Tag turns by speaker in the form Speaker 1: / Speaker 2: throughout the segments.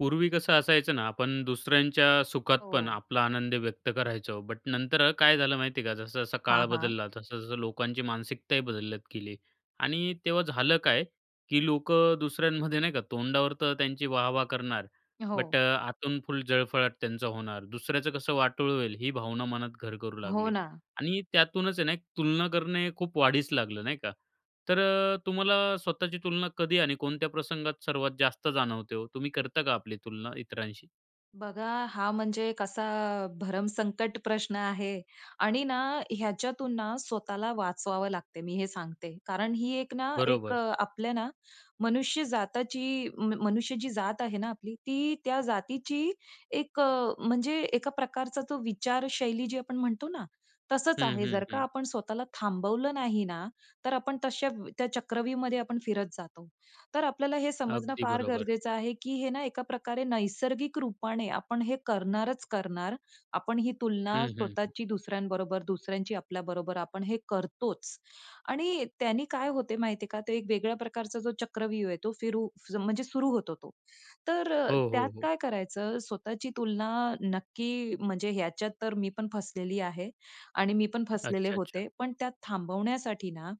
Speaker 1: पूर्वी कसं असायचं ना, आपण दुसऱ्यांच्या सुखात पण
Speaker 2: हो.
Speaker 1: आपला आनंद व्यक्त करायचो. बट नंतर अ, काय झालं माहिती आहे का? जसा-जसा काळ
Speaker 2: हां, हां.
Speaker 1: बदलला तसं-तसं लोकांची मानसिकताही बदलत गेली. आणि तेव्हा झालं काय की लोकं दुसऱ्यांमध्ये नाही का तोंडावर तर त्यांची वाह-वाह करणार, बट अ,
Speaker 2: हो.
Speaker 1: आतून फुल जळफळाट त्यांचा होणार. दुसऱ्याचं कसं वाटोळ होईल ही भावना मनात घर करू
Speaker 2: हो
Speaker 1: लागली
Speaker 2: ना.
Speaker 1: आणि त्यातूनच आहे ना, तुलना करणे खूप वाढीस लागलं नाही का? तर अ, तुम्हाला स्वतःची तुलना कधी आणि कोणत्या प्रसंगात सर्वात जास्त जाणवते हो? तुम्ही करता का आपली तुलना इतरांशी?
Speaker 2: बघा, हा म्हणजे कसा धर्म संकट प्रश्न आहे. आणि ना, ह्याच्यातून ना, स्वतःला वाचवावं लागते मी हे सांगते. कारण ही एक ना एक
Speaker 1: बरोबर.
Speaker 2: अ, आपल्या ना मनुष्य जातीची, म मनुष्य जी जात आहे ना आपली, ती त्या जातीची एक अ, म्हणजे एका प्रकारचा तो विचारशैली जी आपण म्हणतो ना, तसंच
Speaker 1: हं,
Speaker 2: आहे.
Speaker 1: हं,
Speaker 2: जर का
Speaker 1: हं.
Speaker 2: आपण स्वतःला थांबवलं नाही ना, तर आपण तशा त्या चक्रव्यूहमध्ये आपण फिरत जातो. तर आपल्याला हे समजणं
Speaker 1: अगदी
Speaker 2: फार
Speaker 1: बरोबर.
Speaker 2: गरजेचं आहे की हे ना एका प्रकारे नैसर्गिक रूपाने आपण हे करणारच करणार. आपण ही तुलना
Speaker 1: हं, हं, हं.
Speaker 2: स्वतःची दुसऱ्यांबरोबर, दुसऱ्यांची आपल्याबरोबर आपण हे करतोच. आणि त्यानी काय होते माहिती आहे का, ते एक वेगळ्या प्रकारचा जो चक्रव्यूह आहे तो फिरू म्हणजे सुरू होतो तो. तर अ,
Speaker 1: हो,
Speaker 2: त्यात
Speaker 1: हो, हो.
Speaker 2: काय करायचं? स्वतःची तुलना नक्की म्हणजे ह्याच्यात तर मी पण फसलेली आहे आणि मी पण फसलेले
Speaker 1: अच्छा, अच्छा.
Speaker 2: होते. पण त्यात थांबवण्यासाठी ना,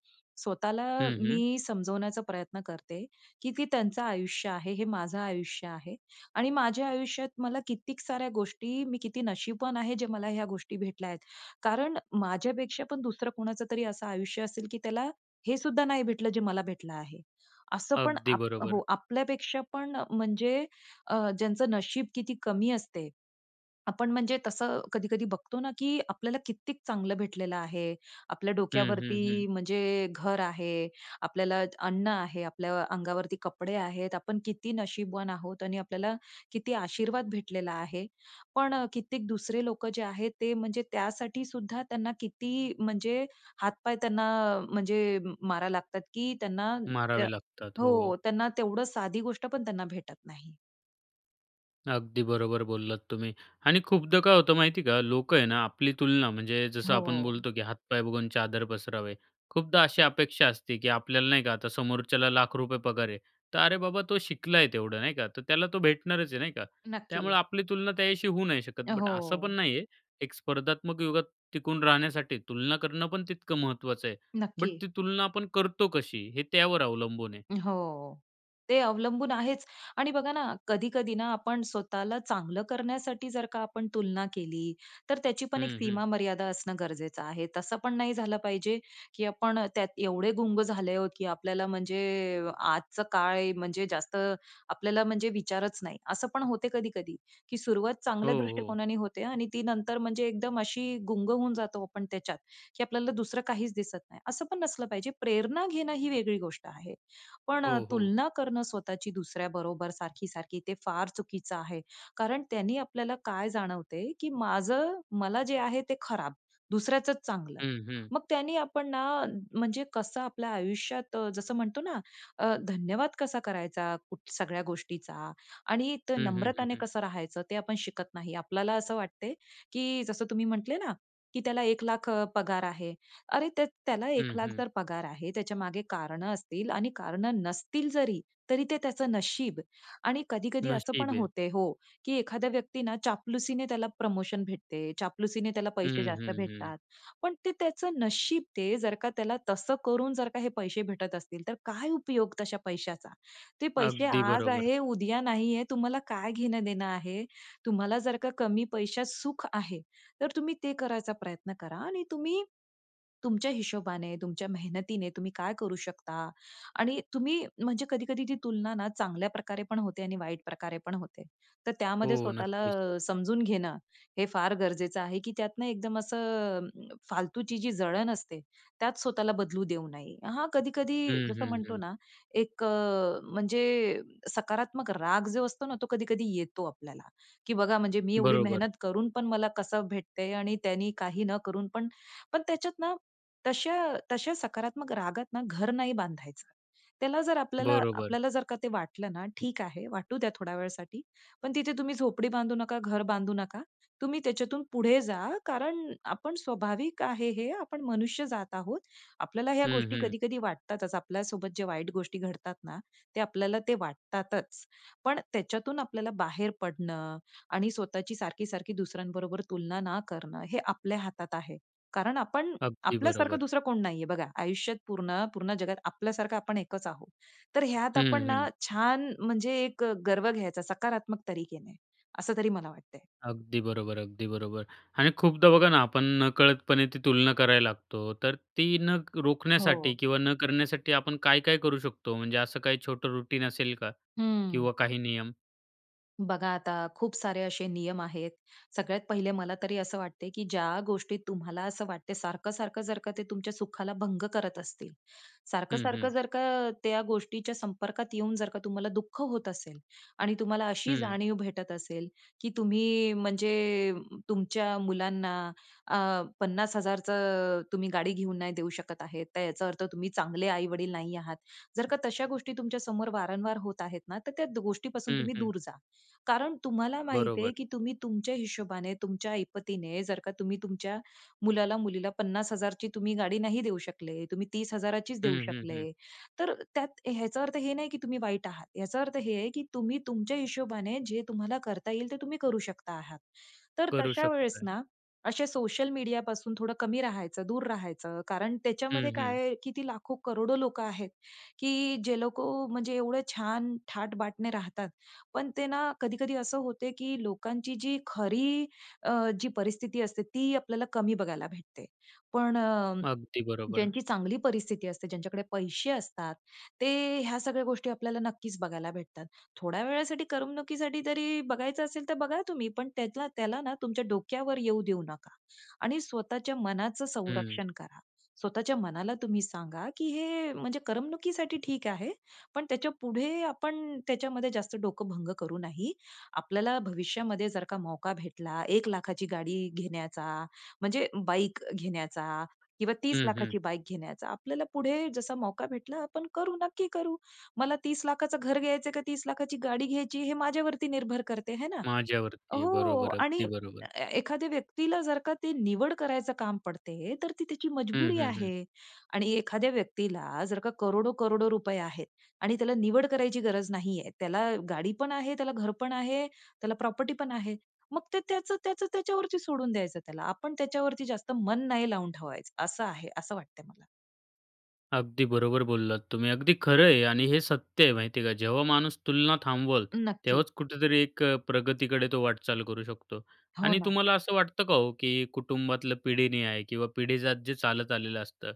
Speaker 2: स्वतःला
Speaker 1: हं, हं.
Speaker 2: मी समजवण्याचा प्रयत्न करते, की ती त्यांचं आयुष्य आहे, हे माझं आयुष्य आहे. आणि माझ्या आयुष्यात मला कित्येक साऱ्या गोष्टी मी किती नशीबवान आहे जे मला ह्या गोष्टी भेटल्या आहेत. कारण माझ्यापेक्षा पण दुसरं कोणाचं तरी असं आयुष्य असेल की त्याला हे सुद्धा नाही भेटलं जे मला भेटलं आहे. असं पण
Speaker 1: अगदी
Speaker 2: आप
Speaker 1: बरोबर.
Speaker 2: हो, आपल्यापेक्षा पण म्हणजे अ, ज्यांचं नशीब किती कमी असते. आपण म्हणजे तसं कधी-कधी बघतो ना, की आपल्याला कित्येक चांगलं भेटलेलं आहे. आपल्या
Speaker 1: हं, हं, हं.
Speaker 2: डोक्यावरती म्हणजे घर आहे. आपल्याला अन्न आहे. आपल्या अंगावरती कपडे आहेत. आपण किती नशीबवान आहोत. आणि आपल्याला किती आशीर्वाद भेटलेला आहे. पण अ, कित्येक दुसरे लोकं जे आहेत ते म्हणजे त्यासाठी सुद्धा त्यांना किती म्हणजे हात-पाय त्यांना म्हणजे मारायला लागतात की त्यांना त्या
Speaker 1: मारावे लागतात, हो.
Speaker 2: हो, त्यांना तेवढं साधी गोष्ट पण त्यांना भेटत नाही.
Speaker 1: अगदी बरोबर बोललात तुम्ही. आणि खूपदा काय होतं माहिती का, लोकं आहे ना, आपली तुलना म्हणजे जसं आपण
Speaker 2: हो.
Speaker 1: बोलतो की "हातपाय बघून चादर पसरावे." खूपदा अशी अपेक्षा असते की आपल्याला नाही का, आता समोरच्याला लाख रुपये पगार आहे, तर अरे बाबा, तो शिकला आहे तेवढं, नाही का? तर त्याला तो भेटणारच आहे, नाही का? त्यामुळं
Speaker 2: नक्की.
Speaker 1: आपली तुलना त्याच्याशी होऊ नाही शकत. बट असं पण
Speaker 2: हो.
Speaker 1: नाही आहे, एक स्पर्धात्मक युगात टिकून राहण्यासाठी तुलना करणं पण तितकं महत्त्वाचं आहे बट
Speaker 2: नक्की.
Speaker 1: ती तुलना आपण करतो कशी, हे त्यावर अवलंबून आहे.
Speaker 2: हो. ते अवलंबून आहेच. आणि बघा ना कधी-कधी ना आपण स्वतःला चांगलं करण्यासाठी जर का आपण तुलना केली, तर त्याची पण एक
Speaker 1: हं, हं.
Speaker 2: सीमा, मर्यादा असणं गरजेचं आहे. तसं पण नाही झालं पाहिजे की आपण त्यात एवढे गुंग झाले आहोत की आपल्याला म्हणजे आजचा काळ आहे म्हणजे जास्त आपल्याला म्हणजे विचारच नाही. असं पण होते कधी-कधी की सुरुवात
Speaker 1: हो,
Speaker 2: चांगल्या
Speaker 1: हो.
Speaker 2: दृष्टिकोनाने होते आणि ती नंतर म्हणजे एकदम अशी गुंग होऊन जातो आपण त्याच्यात, की आपल्याला दुसरं काहीच दिसत नाही. असं पण नसलं पाहिजे. प्रेरणा घेणं ही वेगळी गोष्ट आहे, पण अ,
Speaker 1: हो, हो.
Speaker 2: तुलना करणं स्वतःची दुसऱ्याबरोबर सारखी-सारखी, ते फार चुकीचं आहे. कारण त्यानी आपल्याला काय जाणवते, की माझं मला जे आहे ते खराब, दुसऱ्याचचं चांगलं.
Speaker 1: हं, हं.
Speaker 2: मग त्यानी आपण ना म्हणजे कसं आपल्या आयुष्यात अ, जसं म्हणतो ना, धन्यवाद कसा करायचा कुठ सगळ्या गोष्टींचा आणि ते
Speaker 1: हं, हं, हं,
Speaker 2: नम्रताने
Speaker 1: हं.
Speaker 2: कसं राहायचं, ते आपण शिकत नाही. आपल्याला असं वाटते की जसं तुम्ही म्हटले ना, की "त्याला 1 लाख पगार आहे". अरे, त्य त्याला 1
Speaker 1: हं,
Speaker 2: लाख
Speaker 1: हं.
Speaker 2: जर पगार आहे, त्याच्यामागे कारणं असतील आणि कारणं नसतील जरी, तरी ते त्याचं नशीब. आणि कधी-कधी असं पण
Speaker 1: नशीब आहे.
Speaker 2: होते हो, की एखाद्या व्यक्तीनं चापलुसीने त्याला प्रमोशन भेटते, चापलुसीने त्याला
Speaker 1: हं,
Speaker 2: पैसे जास्त
Speaker 1: हं, हं.
Speaker 2: भेटतात. पण ते त्याचं नशीब ते, जर का त्याला तसं करून जर का हे पैसे भेटत असतील, तर काय उपयोग तशा पैशाचा? ते पैसे
Speaker 1: अगदी
Speaker 2: आज
Speaker 1: बरोबर.
Speaker 2: आहे, उद्या नाही आहे. तुम्हाला काय घेणं-देणं आहे? तुम्हाला जर का कमी पैशात सुख आहे, तर तुम्ही ते करायचा प्रयत्न करा आणि तुम्ही तुमच्या हिशोबाने, तुमच्या मेहनतीने, तुम्ही काय करू शकता आणि तुम्ही म्हणजे कधी-कधी ती तुलना ना चांगल्या प्रकारे पण होते आणि वाईट प्रकारे पण होते. तर त्यामध्ये
Speaker 1: हो,
Speaker 2: स्वतःला
Speaker 1: नक्कीच.
Speaker 2: समजून घेणं हे फार गरजेचं आहे, की त्यातनं एकदम असं फालतूची जी जळण असते, त्यात स्वतःला बदलू देऊ नये. हा कधी-कधी
Speaker 1: हं,
Speaker 2: जसं
Speaker 1: हं,
Speaker 2: म्हणतो
Speaker 1: हं.
Speaker 2: ना, एक अ, म्हणजे सकारात्मक राग जो असतो ना, तो कधी-कधी येतो आपल्याला, की "बघा, म्हणजे मी एवढी
Speaker 1: बरोबर.
Speaker 2: मेहनत करून पण मला कसं भेटते आणि त्यांनी काही न करून पण" पण त्याच्यात ना, तशा तशा सकारात्मक रागात ना घर नाही बांधायचं! त्याला जर आपल्याला
Speaker 1: बरोबर.
Speaker 2: आपल्याला जर का ते वाटलं ना, ठीक आहे, वाटू द्या थोड्या वेळासाठी, पण तिथे तुम्ही झोपडी बांधू नका, घर बांधू नका. तुम्ही त्याच्यातून पुढे जा, कारण आपण स्वाभाविक आहे हे आपण मनुष्य जात आहोत. आपल्याला ह्या
Speaker 1: हं,
Speaker 2: गोष्टी
Speaker 1: हं.
Speaker 2: कधी-कधी वाटतातच. आपल्यासोबत जे वाईट गोष्टी घडतात ना, ते आपल्याला ते वाटतातच. पण त्याच्यातून आपल्याला बाहेर पडणं आणि स्वतःची सारखी-सारखी दुसऱ्यांबरोबर तुलना ना करणं हे आपल्या हातात आहे, कारण आपण
Speaker 1: अगदी
Speaker 2: आपल्यासारखं
Speaker 1: बरोबर.
Speaker 2: दुसरं कोण नाही आहे. बघा, आयुष्यात पूर्ण पूर्ण जगात आपल्यासारखं आपण एकच आहोत. तर ह्यात आपण
Speaker 1: हं,
Speaker 2: ना
Speaker 1: हं.
Speaker 2: छान म्हणजे एक अ, गर्व घ्यायचा सकारात्मक तरीके ने. असं तरी मला वाटतंय.
Speaker 1: अगदी बरोबर, अगदी बरोबर. आणि खूपदा बघा ना, आपण नकळतपणे ती तुलना करायला लागतो, तर ती न रोखण्यासाठी
Speaker 2: हो.
Speaker 1: किंवा न करण्यासाठी आपण काय-काय करू शकतो? म्हणजे, असं काही छोटं रूटीन असेल का?
Speaker 2: हम्म.
Speaker 1: किंवा काही नियम?
Speaker 2: बघा आता, खूप सारे असे नियम आहेत. सगळ्यात पहिले, मला तरी असं वाटते की ज्या गोष्टी तुम्हाला असं वाटते सारखं-सारखं जर का ते तुमच्या सुखाला भंग करत असतील,
Speaker 1: हम्म,
Speaker 2: सारखं-सारखं
Speaker 1: हम्म.
Speaker 2: जर का, त्या गोष्टीच्या संपर्कात येऊन जर का तुम्हाला दुःख होत असेल आणि तुम्हाला अशी
Speaker 1: हम्म.
Speaker 2: जाणीव भेटत असेल की तुम्ही म्हणजे तुमच्या मुलांना अ, 50,000चं तुम्ही गाडी घेऊन नाही देऊ शकत आहेत; तर याचा अर्थ तुम्ही चांगले आई-वडील नाही आहात. जर का तशा गोष्टी तुमच्या समोर वारंवार होत आहेत ना, तर त्या गोष्टीपासून
Speaker 1: हम्म,
Speaker 2: तुम्ही
Speaker 1: हम्म.
Speaker 2: दूर जा. कारण तुम्हाला माहीत आहे
Speaker 1: बरोबर.
Speaker 2: की तुम्ही तुमच्या हिशोबाने, तुमच्या ऐपतीने, जर का तुम्ही तुमच्या मुलाला-मुलीला 50,000ची तुम्ही गाडी नाही देऊ शकले, तुम्ही 30,000चीच देऊ
Speaker 1: हम्म, हम्म,
Speaker 2: शकले,
Speaker 1: हम्म.
Speaker 2: तर त्यात ह्याचा अर्थ हे नाही की तुम्ही वाईट आहात. याचा अर्थ हे आहे की तुम्ही तुमच्या हिशोबाने जे तुम्हाला करता येईल ते तुम्ही करू शकता आहात. तर
Speaker 1: करू
Speaker 2: तशा वेळेस
Speaker 1: शकतोय.
Speaker 2: ना; असे सोशल मीडियापासून थोडं कमी राहायचं, दूर राहायचं कारण
Speaker 1: हम्म,
Speaker 2: त्याच्यामध्ये
Speaker 1: हम्म.
Speaker 2: काय आहे की ती लाखो करोडो लोकं आहेत की जे लोकं म्हणजे एवढं छान थाट-बाट ने राहतात, पण ते ना कधी-कधी असं होते की लोकांची जी खरी अ, जी परिस्थिती असते ती आपल्याला कमी बघायला भेटते. पण अ,
Speaker 1: अगदी बरोबर.
Speaker 2: ज्यांची चांगली परिस्थिती असते, ज्यांच्याकडे पैसे असतात, ते ह्या सगळ्या गोष्टी आपल्याला नक्कीच बघायला भेटतात. थोड्या वेळासाठी करमणुकीसाठी जरी बघायचं असेल तर बघा तुम्ही पण त्याच्या त्याला ना तुमच्या डोक्यावर येऊ देऊ नका आणि स्वतःच्या मनाचं
Speaker 1: हम्म.
Speaker 2: संरक्षण करा. स्वतःच्या मनाला तुम्ही सांगा की हे म्हणजे करमणुकीसाठी ठीक आहे, पण त्याच्यापुढे आपण त्याच्यामध्ये जास्त डोकं भंग करू नाही. आपल्याला भविष्यामध्ये जर का मौका भेटला 1,00,000ची गाडी घेण्याचा म्हणजे बाईक घेण्याचा किंवा तीस
Speaker 1: हम्म, हम्म.
Speaker 2: लाखाची बाईक घेण्याचा, आपल्याला पुढे जसा मौका भेटला आपण करू नक्की करू. मला 30,00,000चं घर घ्यायचं का 30,00,000ची गाडी घ्यायची? हे माझ्यावरती निर्भर करते. आहे ना?
Speaker 1: माझ्यावरती आहे.
Speaker 2: हो
Speaker 1: बरोबर,
Speaker 2: आणि
Speaker 1: अगदी बरोबर.
Speaker 2: ए एखाद्या व्यक्तीला जर का ती निवड करायचं काम पडते तर ती त्याची
Speaker 1: हम्म,
Speaker 2: मजबुरी
Speaker 1: हम्म, हम्म.
Speaker 2: आहे आणि एखाद्या व्यक्तीला जर का करोडो-करोडो रुपये आहेत आणि त्याला निवड करायची गरज नाही आहे. त्याला गाडी पण आहे, त्याला घर पण आहे, त्याला प्रॉपर्टी पण आहे, मग ते त्याचं-त्याचं त्याच्यावरती सोडून द्यायचं त्याला, आपण त्याच्यावरती जास्त मन नाही लावून ठेवायचं असं आहे, असं वाटतंय मला.
Speaker 1: अगदी बरोबर बोललात तुम्ही, अगदी खरंय आणि हे सत्य आहे, माहिती का, जेव्हा माणूस तुलना थांबवेल
Speaker 2: नक्की.
Speaker 1: तेव्हाच कुठेतरी एक अ, प्रगतीकडे तो वाटचाल करू शकतो.
Speaker 2: हो
Speaker 1: आणि
Speaker 2: ना.
Speaker 1: तुम्हाला असं वाटतं का हो, की कुटुंबातलं पिढीन्याय किंवा पिढीजात जे चालत आलेलं असतं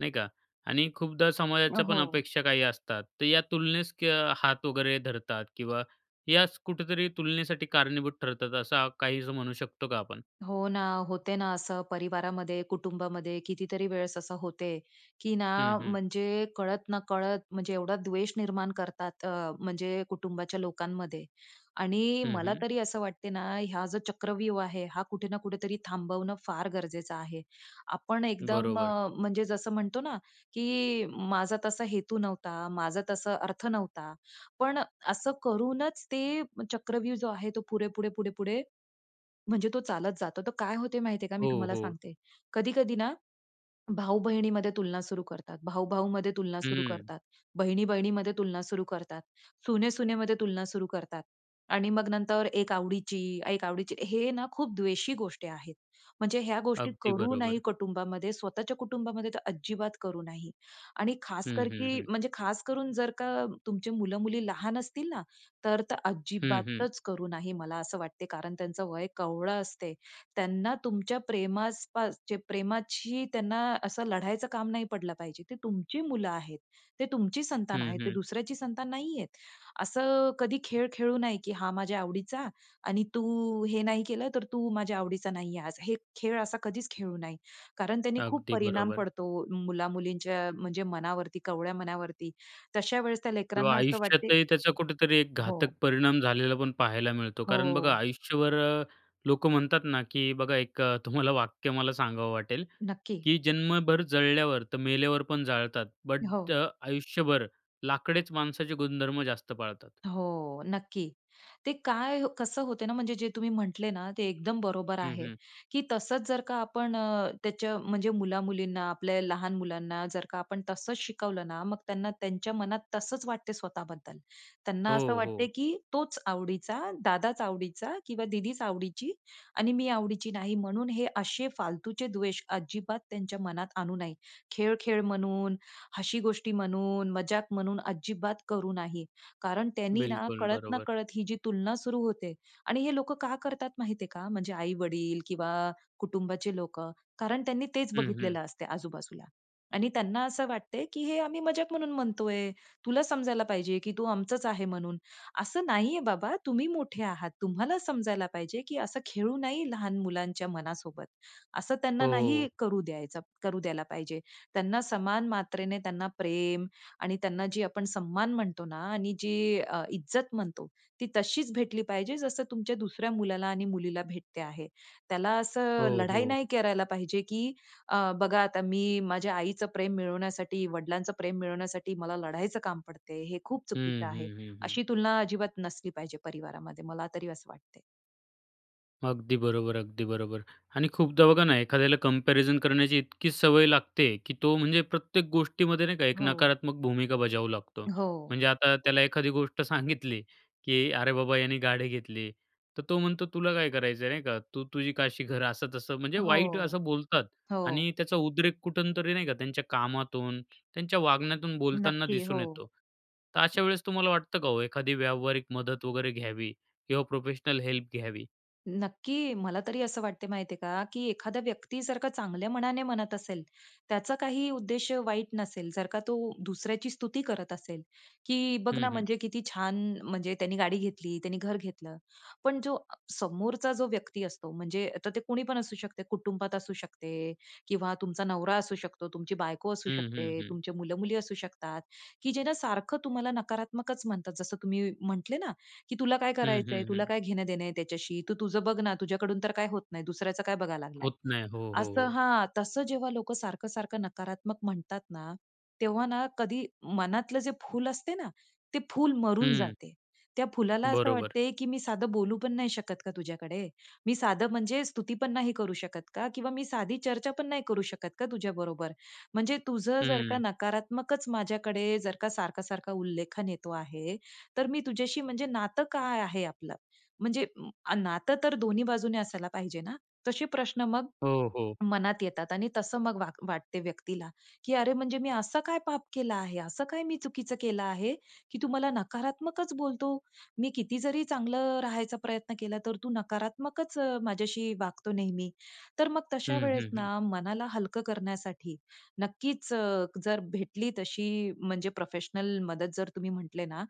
Speaker 1: नाही का. आणि खूपदा
Speaker 2: अ,
Speaker 1: समाजाच्या पण
Speaker 2: हो.
Speaker 1: अपेक्षा काही असतात तर या तुलनेस क हात वगैरे धरतात, किंवा याच कुठेतरी तुलनेसाठी कारणीभूत ठरतात असं काही असं म्हणू शकतो का आपण?
Speaker 2: हो ना, होते ना असं परिवारामध्ये, कुटुंबामध्ये, कितीतरी वेळेस असं होते, की ना
Speaker 1: हं, हं.
Speaker 2: म्हणजे कळत-नकळत म्हणजे एवढा द्वेष निर्माण करतात अ, म्हणजे कुटुंबाच्या लोकांमध्ये. आणि
Speaker 1: हं,
Speaker 2: मला
Speaker 1: हं.
Speaker 2: तरी असं वाटते ना ह्या जो चक्रव्यूह आहे, हा कुठे ना कुठेतरी थांबवणं फार गरजेचं आहे. आपण एकदम
Speaker 1: बरोबर.
Speaker 2: अ, म्हणजे जसं म्हणतो ना की "माझा तसा हेतू नव्हता, माझा तसा अर्थ नव्हता," पण असं करूनच ते चक्रव्यूह जो आहे तो पुढे-पुढे-पुढे-पुढे म्हणजे तो चालत जातो. तर काय होत माहिती आहे का, मी
Speaker 1: हो,
Speaker 2: तुम्हाला
Speaker 1: हो.
Speaker 2: सांगते. कधी-कधी ना भाऊ-बहिणीमध्ये तुलना सुरू करतात, भाऊ-भाऊमध्ये तुलना सुरू
Speaker 1: हम्म.
Speaker 2: करतात, बहिणी-बहिणीमध्ये तुलना सुरू करतात, सुने-सुनेमध्ये तुलना सुरू करतात आणि मग नंतर एक आवडीची एक आवडीची हे ना खूप द्वेषी गोष्टी आहेत. म्हणजे ह्या गोष्टी
Speaker 1: अगदी
Speaker 2: करू नाही
Speaker 1: बरोबर.
Speaker 2: कुटुंबामध्ये, स्वतःच्या कुटुंबामध्ये तर अजिबात करू नाही. आणि
Speaker 1: हं,
Speaker 2: खासकर
Speaker 1: हं,
Speaker 2: की
Speaker 1: हं.
Speaker 2: म्हणजे खास करून जर का तुमचे मुलं-मुली लहान असतील ना, तर, तर
Speaker 1: हं, हं.
Speaker 2: अजिबातच करू नाही, मला असं वाटते. कारण त्यांचं वय कवळं असते. त्यांना तुमच्या प्रेमास पास चे प्रेमाची त्यांना असं लढायचं काम नाही पडलं पाहिजे. ते तुमची मुलं आहेत, ते तुमची संतान आहे,
Speaker 1: हं,
Speaker 2: ते
Speaker 1: हं.
Speaker 2: दुसऱ्याची संतान नाहीयेत. असं कधी खेळ खेळू नाही, की "हा माझ्या आवडीचा आणि तू हे नाही केलं तर तू माझ्या आवडीचा नाही आज." हे खेळ असा कधीच खेळू नाही. कारण त्याने खूप
Speaker 1: अगदी
Speaker 2: परिणाम
Speaker 1: बरोबर.
Speaker 2: पडतो मुला-मुलींच्या म्हणजे मनावरती, कवळ्या मनावरती. तशा वेळेस त्या
Speaker 1: किंवा
Speaker 2: लेकरांना असं वाटते
Speaker 1: आयुष्यातही त्याचा कुठेतरी एक घातक
Speaker 2: हो.
Speaker 1: परिणाम झालेला पण पाहायला मिळतो. कारण बघा
Speaker 2: हो.
Speaker 1: आयुष्यभर अ, लोकं म्हणतात ना, की बघा एक तुम्हाला वाक्य मला सांगावं वाटेल
Speaker 2: नक्की.
Speaker 1: की जन्मभर जळल्यावर तर मेल्यावर पण जाळतात,
Speaker 2: हो.
Speaker 1: बट आयुष्यभर लाकडेच माणसाचे गुणधर्म जास्त पाळतात.
Speaker 2: हो, नक्की. ते काय कसं होत ना म्हणजे जे तुम्ही म्हटले ना ते एकदम बरोबर
Speaker 1: हं,
Speaker 2: आहे,
Speaker 1: हं.
Speaker 2: की तसंच जर का आपण अ, त्याच्या म्हणजे मुला-मुलींना, आपल्या लहान मुलांना, जर का आपण तसंच शिकवलं ना, मग त्यांना त्यांच्या मनात तसंच वाटते स्वतः बद्दल. त्यांना असं
Speaker 1: हो,
Speaker 2: वाटते
Speaker 1: हो.
Speaker 2: की "तोच आवडीचा, दादाच आवडीचा किंवा दीदीच आवडीची आणि मी आवडीची नाही." म्हणून हे असे फालतूचे द्वेष अजिबात त्यांच्या मनात आणू नाही. खेळ-खेळ म्हणून, हशी गोष्टी म्हणून, मजाक म्हणून अजिबात करू नाही. कारण त्यांनी ना,
Speaker 1: बिलकुल बरोबर.
Speaker 2: कळत-नकळत ही जी तुलना सुरू होते. आणि हे लोकं का करतात माहिती आहे का? म्हणजे आई-वडील किंवा कुटुंबाचे लोकं कारण त्यांनी तेच
Speaker 1: हं, हं.
Speaker 2: बघितलेलं असते आजूबाजूला. आणि त्यांना असं वाटते की "हे आम्ही मज़ाक म्हणून म्हणतोय, तुला समजायला पाहिजे की तू आमचंच आहे म्हणून." असं नाही आहे बाबा, तुम्ही मोठे आहात, तुम्हाला समजायला पाहिजे की असं खेळू नाही लहान मुलांच्या मनासोबत. असं त्यांना नाही
Speaker 1: हो.
Speaker 2: करू द्यायचं करू द्यायला पाहिजे. त्यांना समान मात्रेने त्यांना प्रेम आणि त्यांना जे आपण सन्मान म्हणतो ना आणि जी अ, इज्जत म्हणतो ती तशीच भेटली पाहिजे जसं तुमच्या दुसऱ्या मुलाला आणि मुलीला भेटते आहे. त्याला असं
Speaker 1: हो,
Speaker 2: लढाई
Speaker 1: हो.
Speaker 2: नाही करायला पाहिजे की अ, "बघा आता मी माझ्या आईचं प्रेम मिळवण्यासाठी, वडिलांचं प्रेम मिळवण्यासाठी मला लढायचं काम पडते," हे खूप
Speaker 1: हं,
Speaker 2: चुकीचं आहे.
Speaker 1: हं, हं, हं.
Speaker 2: अशी तुलना अजिबात नसली पाहिजे परिवारामध्ये, मला तरी असं वाटते.
Speaker 1: अगदी बरोबर, अगदी बरोबर. आणि खूपदा बघा ना, एखाद्याला कम्पॅरिझन करण्याची इतकी सवय लागते, की तो म्हणजे प्रत्येक गोष्टीमध्ये नाही का, एक
Speaker 2: हो.
Speaker 1: नकारात्मक भूमिका बजावू लागतो.
Speaker 2: हो.
Speaker 1: म्हणजे आता त्याला एखादी गोष्ट सांगितली, की अरे बाबा याने गाडी घेतली, तर तो म्हणतो, "तुला काय करायचं आहे? नाही का? तू तुझी काशी कर." असं तसं, म्हणजे
Speaker 2: हो,
Speaker 1: वाईट असं बोलतात.
Speaker 2: हो.
Speaker 1: आणि त्याचा उद्रेक कुठून तरी नाही का त्यांच्या कामातून, त्यांच्या वागण्यातून, बोलताना
Speaker 2: नक्की.
Speaker 1: दिसून
Speaker 2: हो.
Speaker 1: येतो. तर अशा वेळेस तुम्हाला वाटतं का ओ? एखादी व्यावहारिक मदत वगैरे घ्यावी किंवा प्रोफेशनल हेल्प घ्यावी?
Speaker 2: नक्की. मला तरी असं वाटते माहिती आहे का, की एखादा व्यक्ती जर का चांगल्या मनाने म्हणत असेल, त्याचा काही उद्देश वाईट नसेल, जर का तो दुसऱ्याची स्तुती करत असेल, की "बघ ना
Speaker 1: हं, हं.
Speaker 2: म्हणजे किती छान! म्हणजे त्यांनी गाडी घेतली, त्यांनी घर घेतलं." पण जो अ, समोरचा जो व्यक्ती असतो म्हणजे तर ते कुणी पण असू शकते, कुटुंबात असू शकते किंवा तुमचा नवरा असू शकतो, तुमची बायको असू
Speaker 1: हं, हं,
Speaker 2: शकते,
Speaker 1: हं.
Speaker 2: तुमचे मुलं-मुली असू शकतात, की जे ना सारखं तुम्हाला नकारात्मकच म्हणतात. जसं तुम्ही म्हटले ना, की "तुला काय
Speaker 1: हं,
Speaker 2: करायचंय?
Speaker 1: हं,
Speaker 2: तुला
Speaker 1: हं.
Speaker 2: काय घेणं देणं आहे त्याच्याशी? तू तुझं बघ ना. तुझ्याकडून तर काय होत नाही, दुसऱ्याचं काय बघायला लागलाय."
Speaker 1: होत नाही. हो, हो,
Speaker 2: असं
Speaker 1: हो.
Speaker 2: हां, तसं जेव्हा लोकं सारखं-सारखं नकारात्मक म्हणतात ना, तेव्हा ना कधी मनातलं जे फुल असते ना, ते फूल मरून
Speaker 1: हं.
Speaker 2: जाते. त्या फुलाला असं
Speaker 1: बरोबर.
Speaker 2: वाटते, की मी साधं बोलू पण नाही शकत का तुझ्याकडे? मी साधं म्हणजे स्तुती पण नाही करू शकत का? किंवा मी साधी चर्चा पण नाही करू शकत का तुझ्याबरोबर? म्हणजे तुझं जर का
Speaker 1: हम्म.
Speaker 2: नकारात्मकच माझ्याकडे जर का सारखा-सारखा उल्लेखन येतो आहे. तर मी तुझ्याशी म्हणजे नातं काय आहे आपलं? म्हणजे अ, नातं तर दोन्ही बाजूने असायला पाहिजे ना? तसे प्रश्न मग,
Speaker 1: हो, हो.
Speaker 2: मनात येतात आणि तसं मग वाग वाटते व्यक्तीला, की अरे! म्हणजे मी असं काय पाप केला आहे, असं काय मी चुकीचं केलं आहे, की तू मला नकारात्मकच बोलतो. मी किती जरी चांगलं राहायचा प्रयत्न केला तर तू नकारात्मकच अ, माझ्याशी वागतो नेहमी. तर मग तशा
Speaker 1: हं,
Speaker 2: वेळेस
Speaker 1: हं, हं.
Speaker 2: ना मनाला हलकं करण्यासाठी, नक्कीच अ, जर भेटली तशी म्हणजे प्रोफेशनल मदत जर तुम्ही म्हटले ना,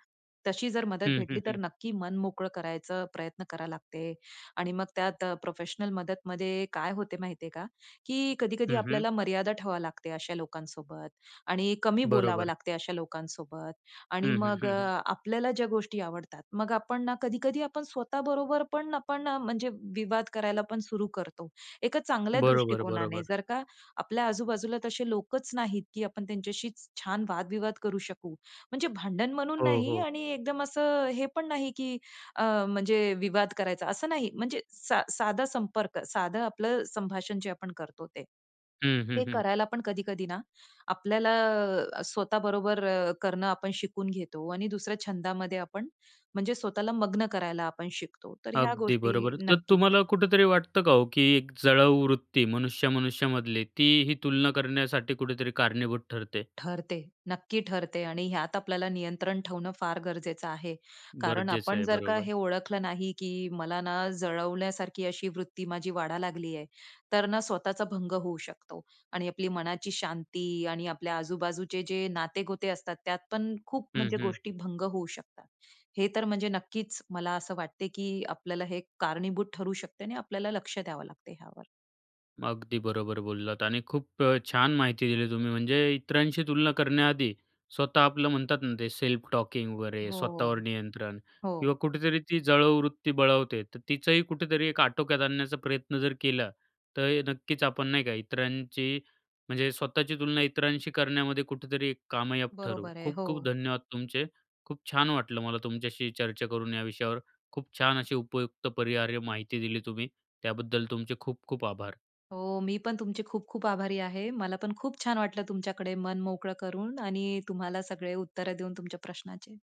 Speaker 2: तशी जर मदत
Speaker 1: हं, हं,
Speaker 2: भेटली तर
Speaker 1: हं.
Speaker 2: नक्की मन मोकळं करायचं प्रयत्न करावं लागते आणि मग त्यात प्रोफेशनल मदतमध्ये काय होते माहिती आहे का? की कधी-कधी
Speaker 1: हं, हं.
Speaker 2: आपल्याला मर्यादा ठेवावी लागते अशा लोकांसोबत आणि कमी बोलावं
Speaker 1: बरोबर.
Speaker 2: लागते अशा लोकांसोबत आणि
Speaker 1: हं, हं,
Speaker 2: मग
Speaker 1: हं, हं.
Speaker 2: आपल्याला ज्या गोष्टी आवडतात, मग आपण ना कधी-कधी आपण स्वतः बरोबर पण आपण अ, म्हणजे विवाद करायला पण सुरू करतो. एका चांगल्या
Speaker 1: बरोबर,
Speaker 2: दृष्टिकोनाने
Speaker 1: बरोबर.
Speaker 2: जर का आपल्या आजू बाजूला तसे लोकच नाहीत, की आपण त्यांच्याशी छान वाद-विवाद करू शकू, म्हणजे भांडण म्हणून
Speaker 1: हो,
Speaker 2: नाही
Speaker 1: हो.
Speaker 2: आणि एकदम असं हे पण नाही, की अ, म्हणजे विवाद करायचा असं नाही, म्हणजे सा साधा संपर्क, साधं आपलं संभाषण जे आपण करतो ते.
Speaker 1: हं, हं,
Speaker 2: ते
Speaker 1: हं.
Speaker 2: करायला पण कधी-कधी ना आपल्याला अ, स्वतः बरोबर करणं आपण शिकून घेतो आणि दुसऱ्या छंदामध्ये आपण म्हणजे स्वतःला मग्न करायला आपण शिकतो, तर ह्या
Speaker 1: अगदी
Speaker 2: गोष्टी
Speaker 1: बरोबर. तर
Speaker 2: नक्कीच
Speaker 1: तुम्हाला कुठेतरी वाटतं का हो, की एक जळावूवृत्ती मनुष्या-मनुष्यामधली ती ही तुलना करण्यासाठी कुठेतरी कारणीभूत ठरते?
Speaker 2: ठरते, नक्की ठरते, आणि ह्यात आपल्याला नियंत्रण ठेवणं फार गरजेचं आहे. कारण
Speaker 1: गरजेच
Speaker 2: आपण
Speaker 1: आहे.
Speaker 2: जर का
Speaker 1: बरोबर.
Speaker 2: हे ओळखलं नाही, की मला ना जळवण्यासारखी अशी वृत्ती माझी वाढायला लागली आहे. तर ना स्वतःचा भंग होऊ शकतो आणि आपली मनाची शांती आणि आपल्या आजू बाजूचे जे नाते गोते असतात, त्यात पण खूप
Speaker 1: हं,
Speaker 2: म्हणजे
Speaker 1: हं.
Speaker 2: गोष्टी भंग होऊ शकतात. हे तर म्हणजे नक्कीच मला असं वाटते, की आपल्याला हे कारणीभूत ठरू शकते आणि आपल्याला लक्ष द्यावं लागते ह्यावर.
Speaker 1: अगदी बरोबर बोललात आणि खूप छान माहिती दिली तुम्ही. म्हणजे, इतरांशी तुलना करण्याआधी, स्वतः आपलं म्हणतात ना ते सेल्फ टॉकिंग वगैरे, स्वतःवर
Speaker 2: हो,
Speaker 1: नियंत्रण किंवा
Speaker 2: हो.
Speaker 1: कुठेतरी ती जळावूवृत्ती बळावते. तर तिचाही कुठेतरी एक आटोक्यात आणण्याचा प्रयत्न जर केला, तर नक्कीच आपण नाही का? इतरांची, म्हणजे स्वतःची तुलना इतरांशी करण्यामध्ये कुठेतरी एक कामयाब ठरू.
Speaker 2: बरोबर आहे.
Speaker 1: खूप-खूप
Speaker 2: हो.
Speaker 1: धन्यवाद तुमचे. खूप छान वाटलं मला तुमच्याशी चर्चा करून या विषयावर, खूप छान अशी उपयुक्त परिहार्य माहिती दिली तुम्ही, त्याबद्दल तुमचे खूप-खूप आभार.
Speaker 2: हो. मी पण तुमची खूप-खूप आभारी आहे. मला पण खूप छान वाटलं तुमच्याकडे मन मोकळं करून आणि तुम्हाला सगळे उत्तरं देऊन तुमच्या प्रश्नाचे.